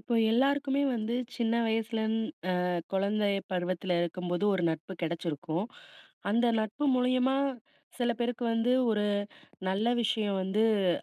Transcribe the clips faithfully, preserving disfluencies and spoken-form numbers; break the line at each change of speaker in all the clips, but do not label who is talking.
இப்ப எல்லாருக்குமே வந்து சின்ன வயசுலன் அ, குழந்தை பருவத்துல இருக்கும்போது ஒரு நட்பு கெடச்சிருக்கும் அந்த நட்பு மூலியமா சில பேருக்கு வந்து ஒரு நல்ல விஷயம் வந்து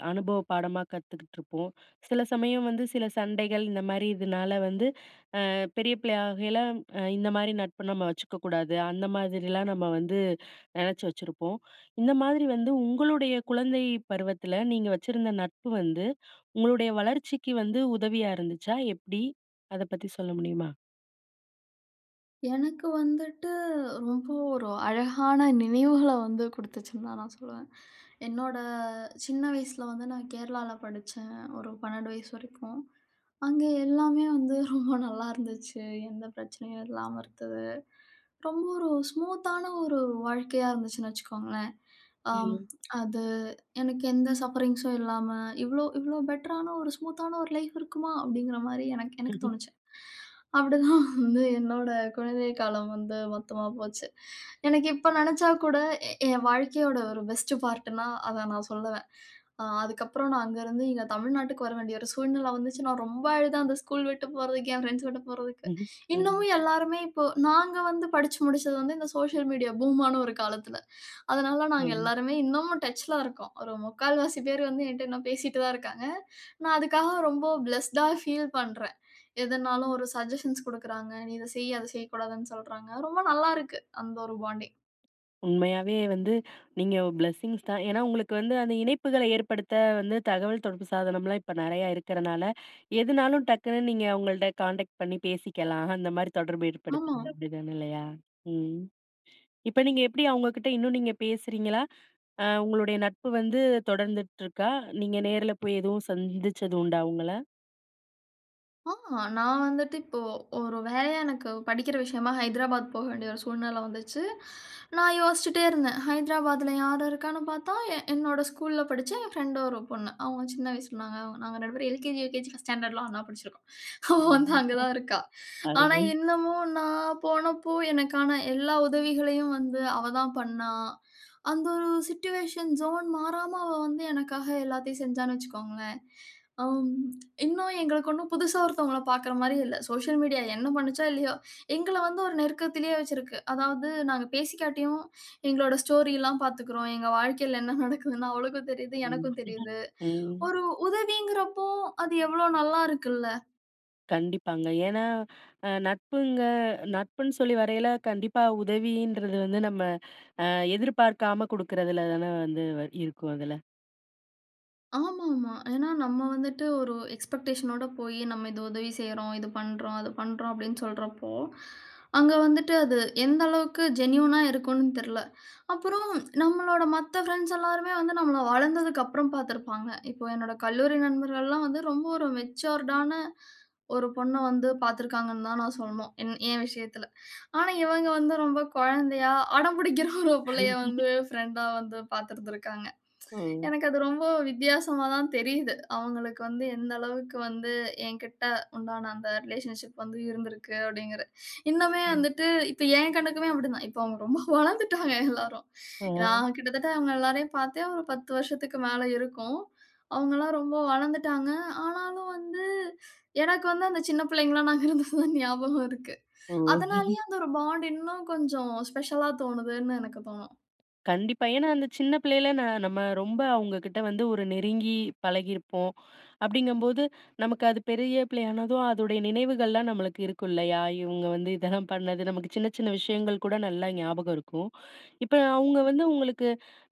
அனுபவப் பாடமா கத்துக்கிட்ருப்போம் சில சமயம் வந்து சில சண்டைகள் இந்த மாரி இதுனால வந்து அ, பெரிய பிள்ளையாக ஆகையில, அ, இந்தமாரி நட்பு நம்ம வச்சுக்க கூடாது, அந்த மாதிரிலாம் நம்ம வந்து நெனச்சி வச்சிருப்போம் இந்த மாதிரி வந்து உங்களுடைய குழந்தை பருவத்தில நீங்க வச்சிருந்த நட்பு வந்து உங்களுடைய வளர்ச்சிக்கு வந்து உதவியா இருந்துச்சா, எப்பிடி? அத பத்தி சொல்ல முடியுமா?
எனக்கு வந்துட்டு ரொம்ப ஒரு அழகான நினைவுகள வந்து குடுத்துச்சுன்னு தான் நான் சொல்லுவேன் என்னோட சின்ன வயசுல வந்து நான் கேரளால படிச்சேன், ஒரு பன்னெண்டு வயசு வரைக்கும் அங்கே எல்லாமே வந்து ரொம்ப நல்லாருந்துச்சு எந்த பிரச்சனையும் இல்லாம இருந்தது ரொம்ப ஒரு ஸ்மூத்தான ஒரு வாழ்க்கையா இருந்துச்சுன்னு வச்சுக்கோங்களேன் அம்
ம்.
அது எனக்கு எந்த சஃபரிங்ஸ் ம் இல்லாம, "இவ்ளோ இவ்ளோ பெட்டரான ஒரு ஸ்மூத்தான ஒரு லைஃப் இருக்குமா!" அப்பிடிங்கிறமாரி எனக் எனக்கு
ம்ஹ்ம்.
தோணிச்சு அப்பிடி தான் வந்து என்னோட குழந்தை காலம் வந்து மொத்தமா போச்சு எனக்கு இப்ப நெனச்சா கூட எ ஏன் வாழ்க்கையோட ஒரு பெஸ்ட் பார்ட்டுன்னா அத நான் சொல்லுவேன் அ, அதுக்கப்பறம் நான் அங்கருந்து இங்க தமிழ்நாட்டுக்கு வரவேண்டிய ஒரு சூழ்நிலை வந்துச்சு. நான் ரொம்ப அழுதேன் அந்த ஸ்கூல் விட்டு போறதுக்கு, என் ஃபிரெண்ட்ஸ் விட்டு போறதுக்கு
ம்ஹ்ம், ம்.
இன்னமும் எல்லாருமே இப்போ நாங்க வந்து படிச்சு முடிச்சது வந்து இந்த சோசியல் மீடியா பூமான்னு ஒரு காலத்துல அதனால நாங்க
ம்.
எல்லாருமே இன்னமும் டச்ல இருக்கோம். ஒரு முக்கால்வாசி பேரு வந்து என்ட்ட இன்னும் பேசிட்டு தான் இருக்காங்க நான் அதுக்காக ரொம்ப ஃபிளெஸ் டா ஃபீல் பண்றேன் எதுனாலும் ஒரு சஜ்ஜசன்ஸ் குடுக்குறாங்க. நீ இத செய், அத செய்யக்கூடாதுன்னு சொல்றாங்க. ரொம்ப நல்லாருக்கு, அந்த ஒரு பாண்டிங்
உண்மையாவே வந்து நீங்க பிளெஸ்ஸிங்ஸ் தான். ஏனா, உங்களுக்கு வந்து அந்த இணைப்புகள ஏற்படுத்த வந்து, தகவல் தொடர்பு சாதனம்லாம் இப்ப நெறையா இருக்குறனால, எதுனாலும் டக்குனு நீங்க உங்கள்ட்ட கான்டெக்ட் பண்ணி பேசிக்கலாம் அந்த மாதிரி தொடர்பு
ஆமா.
ஏற்படுத்திக்கலாம், அப்டி தான இல்லையா? ம் இப்ப நீங்க எப்டி அவங்ககிட்ட இன்னும் நீங்க பேசுறீங்களா? அ உங்களுடைய நட்பு வந்து தொடர்ந்துட்ருக்கா? நீங்க நேருல போய் எதுவும் சந்திச்சது உண்டா அவங்கள?
ஆ நான் வந்துட்டு இப்போ ஒரு வேலையா எனக்கு படிக்கிற விஷயமா ஹைதராபாத் போக வேண்டிய ஒரு சூழ்நிலை வந்துச்சு நான் யோசிச்சுட்டே இருந்தேன். ஹைதராபாத்துல யாரு இருக்கான்னு பார்த்தா, எ என்னோட ஸ்கூல்ல படிச்ச என் பிரெண்ட் ஒரு பொண்ணு. அவங்க சின்ன வயசுல நாங்க நாங்க ரெண்டு பேரும் எல்கேஜி, யுகேஜி பர்ஸ்ட் ஸ்டாண்டர்ட்லா ஒண்ணா படிச்சுருக்கோம் அவ வந்து அங்க
[unintelligible]
தான் இருக்கா. ஆனா
அருமை.
என்னமோ நான் போனப்போ எனக்கான எல்லா உதவிகளையும் வந்து அவ தான் பண்னா. அந்த ஒரு சிட்யூவேஷன் ஜோன் மாறாம அவ வந்து எனக்காக எல்லாத்தையும் செஞ்சான்னு வச்சுக்கோங்களேன். ஆ இன்னும் எங்களுக்கு ஒண்ணும் புதிசா ஒருத்தவங்கள பார்க்குற மாரி இல்ல. சோசியல் மீடியா என்ன பண்ணுச்சோ இல்லையோ எங்கள வந்து ஒரு நெருக்கத்திலேயே வச்சுருக்கு. அதாவது நாங்க பேசிக்காட்டியும் எங்களோட ஸ்டோரில்லாம் பார்த்துக்குறோம். எங்க வாழ்க்கையில என்ன நடக்குதுன்னு அவளுக்கும் தெரிது, எனக்கும்
[unintelligible]
தெரிது
ம்.
ஒரு உதவிங்குறப்போ அது எவ்வளோ நல்லா இருக்குல்ல!
கண்டிப்பாங்க. ஏன்னா அ நட்புங்க நட்புன்னு சொல்லி வரையில, கண்டிப்பா உதவின்றது வந்து நம்ம, அ எதிர்பார்க்காம குடுக்குறதுல தான வந்து வ இருக்கும் அதுல!
ஆமா ஆமா. ஏன்னா, நம்ப வந்துட்டு ஒரு எக்ஸ்பெக்டேஷன் னோட போயி, நம்ப இத உதவி செய்யுறோம், இது பண்ணுறோம், அத பண்ணுறோம் அப்டீன்னு சொல்றப்போ, அங்க வந்துட்டு அது எந்த அளவுக்கு ஜென்யூன் ஆ, இருக்குன்னு தெர்ல! அப்புறம், நம்பளோட மத்த ஃப்ரெண்ட்ஸ் எல்லாருமே வந்து நம்மள வளந்ததுக்கப்புறம் பாத்துருப்பாங்க. இப்போ என்னோட கல்லூரி நண்பர்கள்லாம் வந்து ரொம்ப ஒரு மெச்சூர்ட் ஆன, ஒரு பொண்ண வந்து பாத்துருக்காங்கன்னு தான் நான் சொல்லணும். என் எ விஷயத்துல. ஆனா, இவங்க வந்து ரொம்ப கொழந்தையா, அடம்பிடிக்குற ஒரு புள்ளைய வந்து, பிரெண்டா வந்து பாத்துருந்திருக்காங்க.
ஓ!
எனக்கு அது ரொம்ப வித்தியாசமா தான் தெரியுது. அவங்களுக்கு வந்து எந்த அளவுக்கு வந்து, என்கிட்ட உண்டான அந்த ரிலேஷன்ஷிப் வந்து இருந்துருக்கு, அப்டீன்குறது. இன்னுமே
ம்.
வந்துட்டு இப்ப என் கண்ணுக்குமே அப்படி தான் இப்போ அவுங்க ரொம்ப வளர்ந்துவிட்டாங்க எல்லாரும்.
அ.
நான் கிட்டத்தட்ட அவுங்க எல்லாரையும் பாத்தே ஒரு பத்து வருஷத்துக்கு மேல இருக்கும். அவுங்கல்லாம் ரொம்ப வளந்துட்டாங்க. ஆனாலும் வந்து எனக்கு வந்து அந்த சின்ன பிள்ளைங்களா நாங்க இருந்தது தான் ஞாபகம் இருக்கு.
ஓ!
அதுனாலேயே அந்த ஒரு பாண்ட் இன்னும் கொஞ்சம் ஸ்பெஷலா தோணுதுன்னு எனக்கு தோணும்.
கண்டிப்பா. ஏன்னா, அந்த சின்ன பிள்ளைல ந நம்ம ரொம்ப, அவுங்க கிட்ட வந்து ஒரு நெருங்கி பழகியிருப்போம். அப்டீங்கம்போது நமக்கு அது பெரிய பிள்ளையானதும், அதோடைய நினைவுகள்லாம் நம்மளுக்கு இருக்கும் இல்லயா? இவுங்க வந்து இதெல்லாம் பண்ணது நமக்கு சின்ன சின்ன விஷயங்கள் கூட நல்லா ஞாபகம் இருக்கும். இப்ப அவுங்க வந்து
[unintelligible]
உங்களுக்கு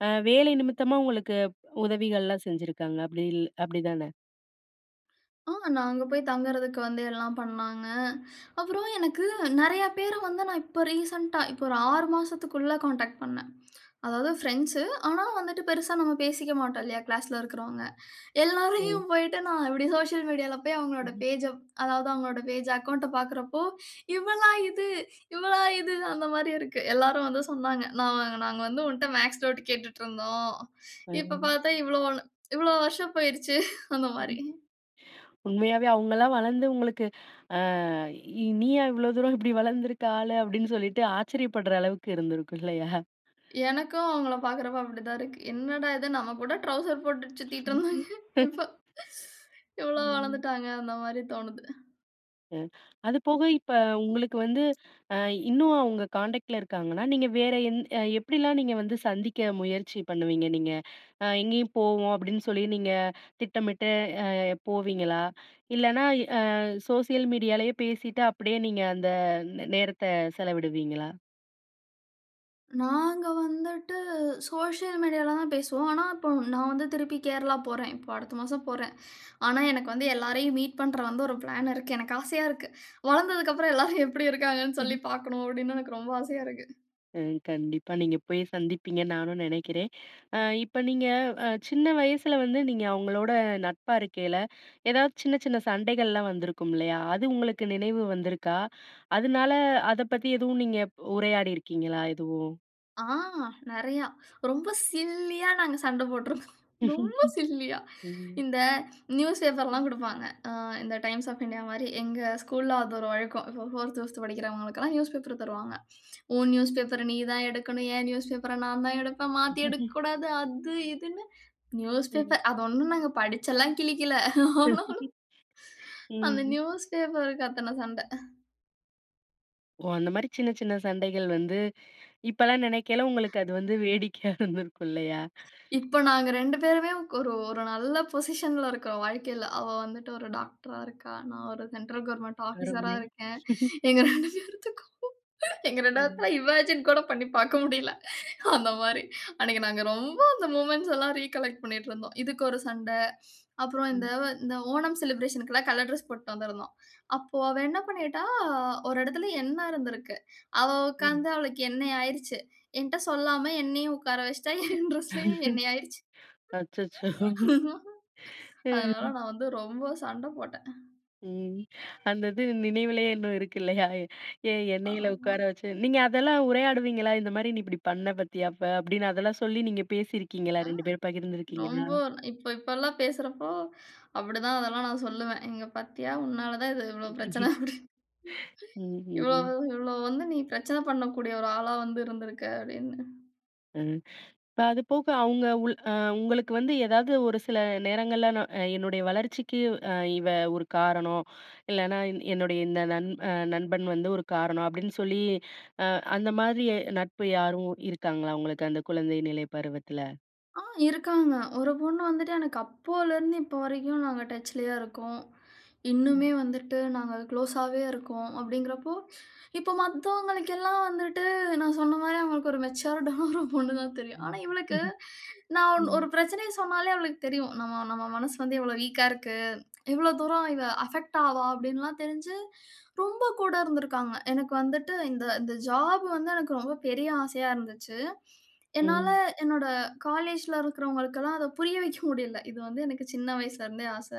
அ வேலை நிமித்தமா, உங்களுக்கு உதவிகள்லாம் செஞ்சிருக்காங்க அப்படி இல் அப்டிதானே?
ஆ! நான் அங்க போய் தங்கறதுக்கு வந்து எல்லாம் பண்ணாங்க. அப்புறம் எனக்கு நெறைய பேர வந்து நான் இப்ப ரீசென்ட்டா, இப்போ ஒரு ஆறு மாசத்துக்குள்ள கான்டாக்ட் பண்னேன். அதாவது பிரெண்ட்ஸு. ஆனா வந்துட்டு பெருசா நம்ம பேசிக்க மாட்டோம் இல்லையா, கிளாஸ்ல இருக்கறவங்க.
ம்.
எல்லாரையும் போயிட்டு நான் இப்டி சோசியல் மீடியால போய் அவங்களோட
ம்ஹ்ம்.
பேஜ்ஜ அதாவது அவங்களோட பேஜ் அக்கவுண்ட்ட பாக்கறப்போ இவளா இது! இவளா இது! அந்த மாரி இருக்கு. எல்லாரும் வந்து சொன்னாங்க. நா நாங்க வந்து உன்ட்ட மேத்ஸ் நோட்டு கேட்டுட்ருந்தோம். இப்ப
ம்.
பாத்தா இவ்ளோ வள இவ்வளோ வருஷம் போயிருச்சு! அந்த
ம் ம்,
மாரி.
உண்மையாவே அவுங்கலாம் வளந்து உங்களுக்கு, ஆ இ நீயா இவ்ளோ தூரம் இப்டி வளந்து இருக்க ஆளு! அப்டின்னு சொல்லிட்டு ஆச்சரியப்படுற அளவுக்கு இருந்துருக்கும் இல்லையா?
எனக்கும் அவங்கள பாக்கறப்போ அப்டி தான் இருக்கு. என்னடா இது! நம்ம கூட ட்ரவுசர் போட்டு சுத்திக்கிட்டு இருந்தாங்க. இப்ப இவ்வளோ
ம்.
வளர்ந்துட்டாங்க! அந்த மாரி தோணுது.
ம். அது போக இப்ப உங்களுக்கு வந்து அ இன்னும் அவுங்க கான்டெக்ட்ல இருக்காங்கன்னா, நீங்க வேற எந் அ எப்டிலாம் நீங்க வந்து சந்திக்க முயற்சி பண்ணுவீங்க நீங்க? ஆ "எங்கயும் போவோம்" அப்டின்னு சொல்லி நீங்க திட்டமிட்டு போவீங்களா? இல்லனா, அ சோஷியல் மீடியாலயே பேசிட்டு அப்டியே நீங்க அந்த நே நேரத்த செலவிடுவீங்களா?
நாங்க வந்துட்டு சோசியல் மீடியால தான் பேசுவோம். ஆனா, இப்போ நான் வந்து திருப்பி கேரளா போறேன். இப்போ அடுத்த மாசம் போறேன். ஆனா, எனக்கு வந்து எல்லாரையும் மீட் பண்ணுற வந்து ஒரு பிளான் இருக்கு, எனக்கு ஆசையா இருக்கு, வளர்ந்ததற்கு அப்புறம் எல்லாரும் எப்படி இருக்கிறாங்கனு
சரி.
சொல்லி பார்க்கனும் அப்படினு எனக்கு ரொம்ப ஆசையா இருக்கு.
ம், கண்டிப்பா, நீங்க போய் சந்திப்பீங்கன்னு நானும் நினைக்கிறேன். இப்போ நீங்க அ சின்ன வயசில வந்து நீங்க, அவங்களோட நட்பா இருக்கையில, ஏதாவது சின்ன, சின்ன சண்டைகள்லாம் வந்திருக்கும் இல்லையா, அது உங்களுக்கு நினைவு வந்துருக்கா? அதனால அதை பத்தி எதுவும் நீங்க உரையாடி இருக்கீங்களா எதுவும்?
ஆ நெறைய. ரொம்ப சில்லியா நாங்க சண்டை போட்டிருந்தோம். ரொம்ப சில்லியா
ம்.
இந்த நியூஸ் பேப்பர்லாம் கொடுப்பாங்க. இந்த Times of India மாதிரி எங்க ஸ்கூல்ல அது ஒரு ஒழுக்கம், இப்போ ஃபோர்த் ஃபிஃப்த் படிக்கிறவங்களுக்கு எல்லாம் நியூஸ் பேப்பர் தருவாங்க. உன் நியூஸ்பேப்பர நீ தான் எடுக்கணும். என் நியூஸ்பேப்பர நான் தான் எடுப்பேன், மாத்தி எடுக்கக்கூடாது, அது இதுனு
ம்.
நியூஸ்பேப்பர் அது ஒண்ணும் நாங்க படிச்செல்லாம் கிழிக்கல. ஆனாலும், அந்த
ம்.
நியூஸ்பேப்பர்க்கு அத்தனை சண்ட.
ஓ! அந்த மாதிரி சின்ன, சின்ன சண்டைகள் வந்து, இப்போலாம் நினைக்கல உங்களுக்கு அது வந்து வேடிக்கையா இருந்திருக்கும், இல்லையா?
இப்ப நாங்க ரெண்டு பேருமே ஒரு, ஒரு நல்ல பொசிஷன்ல இருக்கோம், வாழ்க்கையில. அவ வந்துட்டு ஒரு டாக்டரா இருக்கா. நான் ஒரு சென்ட்ரல் கவர்ன்மென்ட் ஆஃபீசரா
அருமை.
இருக்கேன். எங்க ரெண்டு பேத்துக்கும் எங்க ரெண்டு
ம்.
பேத்துல இமேஜின் கூட பண்ணி பாக்க முடியல. அந்த மாதிரி அன்னைக்கு நாங்க ரொம்ப அந்த மொமென்ட்ஸ் எல்லாம் ரிகலெக்ட் பண்ணிட்டு இருந்தோம், இதுக்கு ஒரு சண்டை, அப்புறம் இந்த
ம்.
இந்த ஓணம் செலிபிரேஷன்க்கு எல்லாம் கலர் டிரெஸ் போட்டுட்டு வந்திருந்தோம், அப்போ அவ என்ன பண்ணிட்டா, "ஒரு இடத்துல எண்ண இருந்துருக்கு, அவ
ம்.
உட்கார்ந்து அவளுக்கு எண்ணைய் ஆயிடுச்சு," என்ட்ட சொல்லாமல என்னையும் உட்கார வைச்சிட்டா, என் டிரெஸ்லயும் எண்ணெய் ஆயிடுச்சு.
அச்சச்சோ,
அதனால
ம்.
நான் வந்து ரொம்ப சண்டை போட்டேன்.
ம். அந்த இது நினைவிலேயே இன்னும் இருக்கு இல்லையா, ஏந் எண்ணயில
ஆமா.
உட்கார வச்சு. நீங்க அதெல்லாம் உரையாடுவீங்களா? இந்த மாதிரி நீ இப்படி பண்ண பாத்தியா அப்ப, அப்டீன்னு அதெல்லாம் சொல்லி நீங்க பேசியிருக்கீங்களா,
ஆ
ரெண்டு பேரும் பகிர்ந்துருக்கீங்களா?
ரொம்ப, இப்போ இப்போலாம் பேசுறப்போ, அப்படிதான் அதெல்லாம் நான் சொல்லுவேன். இங்க பாத்தீயா உன்னால தான் இது இவ்வளோ பிரச்சன, அப்படின்னு. இவ்வளவு,
ம்.
இவ்வளவு வந்து "நீ பிரச்சன பண்ணக்கூடிய ஒரு ஆளா வந்து இருந்துருக்க" அப்படின்னு.
ம். இப்ப அது போக, அவங்க உள் உங்களுக்கு வந்து ஏதாவது ஒரு சில நேரங்கள்ல, நான் என்னுடைய வளர்ச்சிக்கு இவ ஒரு காரணம், இல்லனா என் என்னுடைய இந்த நன் நண்பன் வந்து ஒரு காரணம் அப்டின்னு சொல்லி, அ அந்த மாதிரி நட்பு யாரும் இருக்காங்களா உங்களுக்கு அந்த குழந்தை நிலை பருவத்தில?
ஆ இருக்காங்க. ஒரு பொண்ணு வந்துட்டு எனக்கு அப்போலேருந்து இப்ப வரைக்கும் நாங்க டச்லயே இருக்கோம்.
ம்.
இன்னுமே வந்துட்டு நாங்க குளோஸாவே இருக்கோம் அப்டிங்கறபோ, இப்ப மத்தவர்களுக்கு எல்லாம் வந்துட்டு. நான் சொன்ன மாரி அவங்களுக்கு ஒரு மேச்சர்ட்டான ஒரு பொண்ணு தான் தெரியும். ஆனா
ம்,
இவளுக்கு நான் ஒண்
ம்.
ஒரு பிரச்சனைய சொன்னாலே அவளுக்கு தெரியும். நம் நம்ம மனசு வந்து இவ்வளோ வீக்கா இருக்கு. இவ்வளோ தூரம் இவ அபெக்ட் ஆவா அப்டின்லாம் தெரிஞ்சு ரொம்ப கூட இருந்துக்காங்க. எனக்கு வந்துட்டு இந்த இந்த ஜாப் வந்து எனக்கு ரொம்ப பெரிய ஆசையா இருந்துச்சு. என்னால
ம்.
என்னோட காலேஜ்ல இருக்கவங்களுக்கலாம் அத புரிய வைக்க முடியல. இது வந்து எனக்கு சின்ன வயசுல இருந்தே ஆச.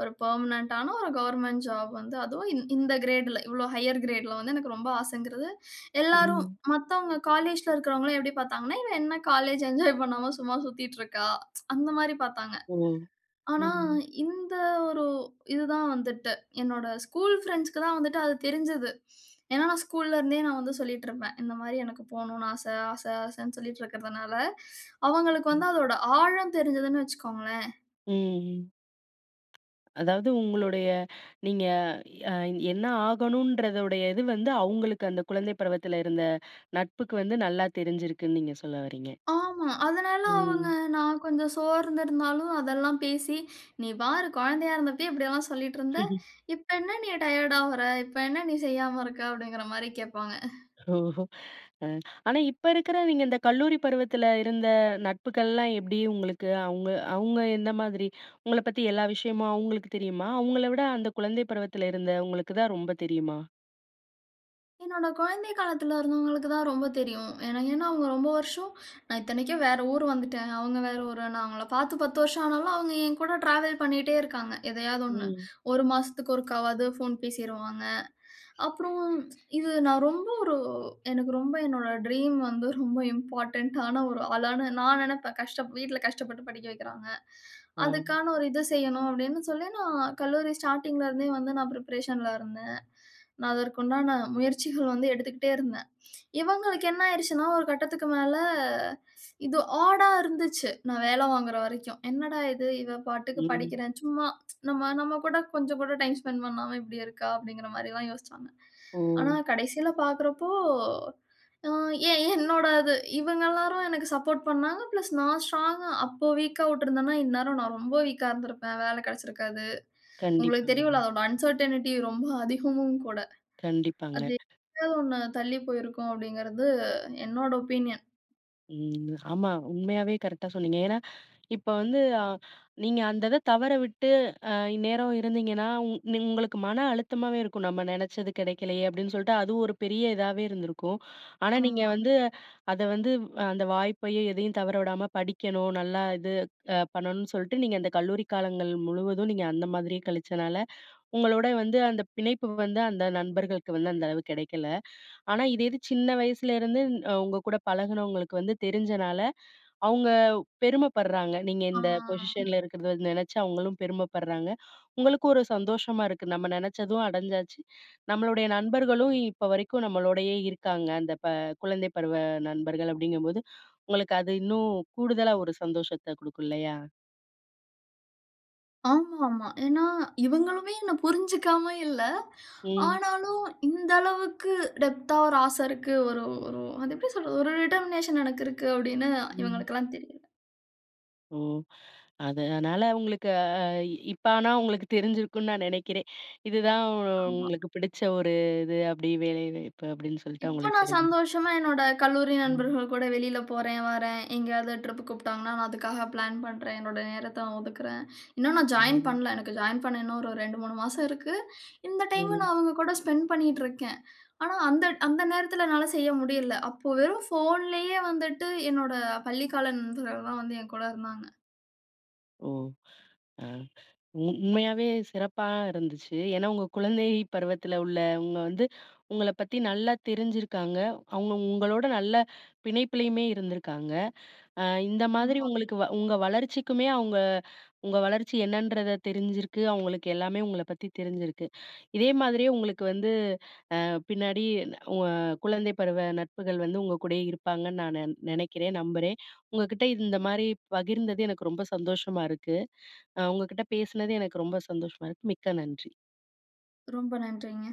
ஒரு பெர்மனன்ட் ஆன ஒரு கவர்ன்மென்ட் ஜாப் வந்து அதுவும் இந் இந்த கிரேட்ல இவ்வளோ ஹையர் கிரேட்ல வந்து எனக்கு ரொம்ப ஆசங்குறது. எல்லாரும்
ம்.
மத்தவங்க காலேஜ்ல இருக்கறவர்களும் எப்டி பார்த்தாங்கன்னா இவ என்ன காலேஜ் என்ஜாய் பண்ணாம சும்மா சுத்திட்டு இருக்கா. அந்த மாரி பார்த்தாங்க.
ஒ!
ஆனா
ம்ஹ்ம்.
இந்த ஒரு இது தான் வந்துட்டு என்னோட ஸ்கூல் பிரெண்ட்ஸ்க்கு தான் வந்துட்டு அது தெரிஞ்சுது. ஏனா, நான் ஸ்கூல்ல இருந்தே நான் வந்து சொல்லிட்டு இருப்பேன். இந்த மாரி எனக்கு போணுனு ஆச ஆச, ஆசன்னு சொல்லிட்டு இருக்கறதனால அவங்களுக்கு
ம்.
வந்து அதோட ஆழம் தெரிஞ்சுதுன்னு வச்சுக்கோங்களேன்.
ம், ம். அதாவது, உங்களுடைய நீங்க என்ன ஆகணும்ன்றதுடையது வந்து, அவங்களுக்கு அந்த குழந்தை பருவத்தில இருந்த நட்புக்கு வந்து நல்லா தெரிஞ்சிருக்குன்னு நீங்க சொல்ல வரீங்க?
ஆமா. அதனால அவங்க
ம்.
நான் கொஞ்சம் சோர்ந்திருந்தாலும் அதெல்லாம் பேசி, நீ பாரு குழந்தையா இருந்தபையே இப்டியெல்லாம் சொல்லிட்டு இருந்த!
ம்ஹ்ம்.
இப்ப என்ன நீ டயர்ட் ஆவுரா? இப்ப என்ன நீ செய்யாம இருக்க? அப்டிங்கிற மாரி கேட்பாங்க.
ஓஹோ! அ ஆனா, இப்ப இருக்கிறவைங்க, இந்த கல்லூரி பருவத்தில இருந்த நட்புகள்லாம் எப்டி உங்களுக்கு, அவங்க அவங்க எந்த மாதிரி? உங்கள பத்தி எல்லா விஷயமும் அவங்களுக்கு தெரியுமா, அவங்கள விட அந்த குழந்தை பருவத்தில இருந்தவங்களுக்கு தான் ரொம்ப தெரியுமா?
என்னோட குழந்தை காலத்துல இருந்தவங்களுக்கு தான் ரொம்ப தெரியும். என ஏன்னா அவுங்க ரொம்ப வருஷம் நான் இத்தனைக்கும், வேற ஊரு வந்துட்டேன். அவுங்க வேற ஊரு. நான் அவங்கள பார்த்து பத்து வருஷம் ஆனாலும், அவுங்க என்கூட டிராவல் பண்ணிகிட்டே இருக்காங்க. எதையாவது ஒண்ணு.
ம்.
ஒரு மாசத்துக்கு ஒருக்காவாது ஃபோன் பேசிருவாங்க. அப்புறம் இது நான் ரொம்ப ஒரு எனக்கு ரொம்ப என்னோட ட்ரீம் வந்து, ரொம்ப இம்போர்டன்ட் டான ஒரு ஆளான நான் நெனைப்பேன். கஷ்டப் வீட்ல கஷ்டப்பட்டு படிக்க வைக்கிறாங்க
அ.
அதுக்கான ஒரு இது செய்யணும், அப்பிடின்னு சொல்லி, நான் கல்லூரி ஸ்டார்ட்டிங்ல இருந்தே வந்து நான் பிரிப்பரேஷன்ல இருந்தேன் நான் அதற்கு உண்டான முயற்சிகள் வந்து எடுத்துக்கிட்டே இருந்தேன். இவுங்களுக்கு என்ன ஆயிருச்சுன்னா, ஒரு கட்டத்துக்கு மேல இது ஆடா இருந்துச்சு. நான் வேல வாங்குற வரைக்கும். என்னடா இது? இவ பாட்டுக்கு
ம்.
படிக்கிறேன் சும்மா நம்ம, நம்ம கூட கொஞ்சம் கூட டைம் ஸ்பெண்ட் பண்ணாம, இப்பிடி இருக்கா. அப்பிடிங்கிற மாரில்லாம் யோசிச்சாங்க.
ஓ!
ஆனா கடைசியில பார்க்கிறப்போ, அ, ஏன் என்னோட இது, இவுங்க எல்லாரும், எனக்கு சப்போர்ட் பண்ணாங்க. பிளஸ் நான் ஸ்ட்ராங்கா அப்போ வீக்கா விட்டிருந்தன்னா இந்நேரம் நான் ரொம்ப வீக்கா இருந்திருப்பேன். வேல கெடைச்சிருக்காது. உங்களுக்கு
கண்டிப்பாங்க.
தெரியும்ல அதோட அன்சர்டனிட்டி ரொம்ப அதிகமும் கூட.
கண்டிப்பாங்க.
அது [unintelligible] ஒண்ணு தள்ளி போயிருக்கும் அப்பிடிங்கிறது என்னோட ஒப்பீனியன்.
ம். ஆமா, உண்மையாவே கரெக்ட்டா சொன்னனீங்க. ஏன்னா இப்போ வந்து ஆ நீங்க, அந்த இத தவற விட்டு அ இந்நேரம் இருந்தீங்கன்னா, உங் உங்களுக்கு மன அழுத்தமாவே இருக்கும், நம்ம நினைச்சது கிடைக்கலயே அப்பிடின்னு. சொல்லிட்டு, அது ஒரு பெரிய இதாவே இருந்திருக்கும். ஆனா, நீங்க
ஆமா.
வந்து அத வந்து அ அந்த வாய்ப்பையும் எதையும் தவற விடாம படிக்கணும், நல்லா இது அ பண்ணணுன் சொல்ட்டு, நீங்க அந்த கல்லூரி காலங்கள் முழுவதும் நீங்க அந்த மாரியே கழிச்சனால உங்களோட வந்து, அந்த பிணைப்பு வந்து அந்த நண்பர்களுக்கு வந்து அந்த அளவு கிடைக்கல. ஆனா, இதே இது சின்ன வயசுலேருந்து அ உங்க கூட பழகுனவங்களுக்கு வந்து தெரிஞ்சனால, அவுங்க பெருமைப்பட்றாங்க. நீங்க
ஆ.
இந்த பொசிஷன்ல இருக்கிறத நினைச்சு அவுங்களும் பெருமைப்பட்றாங்க. உங்களுக்கு ஒரு சந்தோஷமா இருக்கு. நம்ம நினைச்சதும் அடஞ்சாச்சு, நம்மளுடைய நண்பர்களும் இப்போ வரைக்கும் நம்மளோடயே இருக்காங்க, அந்த ப குழந்தை பருவ நண்பர்கள் அப்பிடிங்கும்போது, உங்களுக்கு அது இன்னும் கூடுதலா ஒரு சந்தோஷத்த குடுக்கும் இல்லயா!
ஆமாமா. ஏனா இவுங்களுமே என்ன புரிஞ்சிக்காம இல்ல.
ம்.
ஆனாலும் இந்த அளவுக்கு டெப்த்தா ஒரு ஆச இருக்கு, ஒரு ஒரு அது எப்பிடி சொல்றது, ஒரு டிடெர்மினேஷன் எனக்கு இருக்கு, அப்பிடின்னு
ம்.
இவுங்களுக்கெல்லாம் தெரியல.
ம்! அத னால அவுங்களுக்கு அ இப்ப ஆனா அவுங்களுக்கு தெரிஞ்சிருக்குன் நான் நெனைக்கிறேன். இதுதான்
ஆமா.
உங்களுக்கு பிடிச்ச ஒரு இது அப்டி வேலைவாய்ப்பு அப்டின்னு சொல்ட்டு
இப்ப
அவுங்களுக்கு
நான்
தெரிஞ்சிருக்கும்.
சந்தோஷமா என்னோட கல்லூரி
ம்.
நண்பர்கள் கூட வெளில போறேன் வரேன். எங்கயாவது ட்ரிப் கூப்புட்டாங்கன்னா, நான் அதுக்காக பிளான் பண்றேன். என்னோட நேரத்த நா ஒதுக்குறேன். இன்னும் நான் ஜாயின்
ம்.
பண்ல. எனக்கு ஜாயின் பண்ண இன்னும் ஒரு ரெண்டு, மூணு மாசம் இருக்கு. இந்த டைம
ம்.
நான் அவுங்க கூட ஸ்பெண்ட் பண்ணிட்ருக்கேன். ஆனா அந்த அந்த நேரத்தில என்னால செய்ய முடியல. அப்போ வெறும் ஃபோன்லயே வந்துட்டு என்னோட பள்ளி கால நண்பர்கள் தான் வந்து என் கூட இருந்தாங்க.
ஓ! அ உண்மையாவே சிறப்பா இருந்துச்சு. ஏனா உங்க குழந்தை பருவத்துல உள்ள-உங்க வந்து, உங்கள பத்தி நல்லா தெரிஞ்சிருக்காங்க. அவுங்க உங்களோட நல்ல பிணைப்பிலயுமே இருந்துருக்காங்க. அ இந்த மாதிரி
ஆமா.
உங்களுக்கு உங்க வளர்ச்சிக்குமே அவுங்க உங்க வளர்ச்சி என்னன்றத தெரிஞ்சிருக்கு, அவங்களுக்கு எல்லாமே உங்கள பத்தி தெரிஞ்சிருக்கு. இதே மாதிரியே உங்களுக்கு வந்து அ பின்னாடி இந்த உ-அ குழந்தை பருவ நட்புகள் வந்து உங்க கூடயே இருப்பாங்கன்னு நான் நெ நெனைக்கிறேன், நம்புறேன். உங்ககிட்ட இந்த மாரி பகிர்ந்தது எனக்கு ரொம்ப சந்தோஷமா இருக்கு. அ உங்க கிட்ட பேசுனது எனக்கு ரொம்ப சந்தோஷமா இருக்கு, மிக்க நன்றி.
ரொம்ப நன்றிங்க.